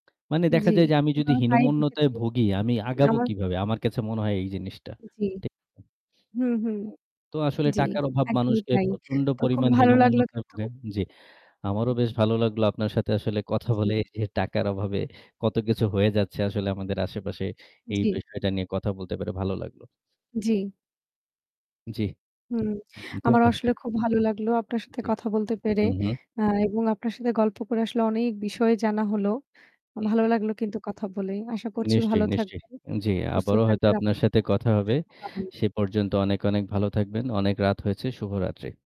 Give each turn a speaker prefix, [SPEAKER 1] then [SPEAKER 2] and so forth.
[SPEAKER 1] মানে দেখা
[SPEAKER 2] জ্বী,
[SPEAKER 1] যায় যে আমি
[SPEAKER 2] এবং
[SPEAKER 1] যদি
[SPEAKER 2] আমি তাই
[SPEAKER 1] হীনমন্যতায়
[SPEAKER 2] দেখেছি।
[SPEAKER 1] ভুগি আমি আগাবো
[SPEAKER 2] আমার
[SPEAKER 1] কিভাবে? আমার কাছে মনে হয় এই জিনিসটা।
[SPEAKER 2] জ্বী।
[SPEAKER 1] ঠিক আছে?
[SPEAKER 2] হু, হু।
[SPEAKER 1] হুম। তো আসলে
[SPEAKER 2] জি,
[SPEAKER 1] টাকার অভাব
[SPEAKER 2] একদমই
[SPEAKER 1] মানুষকে
[SPEAKER 2] তাই।
[SPEAKER 1] প্রচন্ড
[SPEAKER 2] তো খুব
[SPEAKER 1] পরিমাণ
[SPEAKER 2] ভালো লাগলো
[SPEAKER 1] হীনমন্যতায়
[SPEAKER 2] কিন্তু
[SPEAKER 1] ভুগে জ্বী, আমারও
[SPEAKER 2] উম
[SPEAKER 1] বেশ ভালো লাগলো আপনার সাথে আসলে কথা
[SPEAKER 2] জী।
[SPEAKER 1] বলে যে টাকার অভাবে কতকিছু হয়ে যাচ্ছে আসলে আমাদের আশেপাশে এই
[SPEAKER 2] জ্বী।
[SPEAKER 1] বিষয়টা নিয়ে কথা বলতে পারে ভালো লাগলো।
[SPEAKER 2] জ্বি।
[SPEAKER 1] জ্বি।
[SPEAKER 2] হুম। আমার আসলে
[SPEAKER 1] [unintelligible]
[SPEAKER 2] খুব ভালো লাগলো আপনার সাথে
[SPEAKER 1] জি।
[SPEAKER 2] কথা বলতে পেরে।
[SPEAKER 1] হু, হু।
[SPEAKER 2] আ এবং আপনার সাথে গল্প করে আসলে অনেক বিষয় জানা হলো।
[SPEAKER 1] হু,
[SPEAKER 2] ভালো
[SPEAKER 1] হু।
[SPEAKER 2] লাগলো কিন্তু কথা বলেই। আশা করছি
[SPEAKER 1] নিশ্চয়ই,
[SPEAKER 2] ভালো
[SPEAKER 1] নিশ্চয়ই।
[SPEAKER 2] থাকবেন,
[SPEAKER 1] জ্বি,
[SPEAKER 2] সুস্থ
[SPEAKER 1] আবারও হয়তো
[SPEAKER 2] থাকবেন।
[SPEAKER 1] আপনার
[SPEAKER 2] আপনার
[SPEAKER 1] সাথে
[SPEAKER 2] জন্য
[SPEAKER 1] কথা
[SPEAKER 2] অসংখ্য
[SPEAKER 1] হবে।
[SPEAKER 2] শুভ কামনা।
[SPEAKER 1] সে পর্যন্ত অনেক, অনেক ভালো থাকবেন। অনেক রাত হয়েছে। শুভরাত্রি।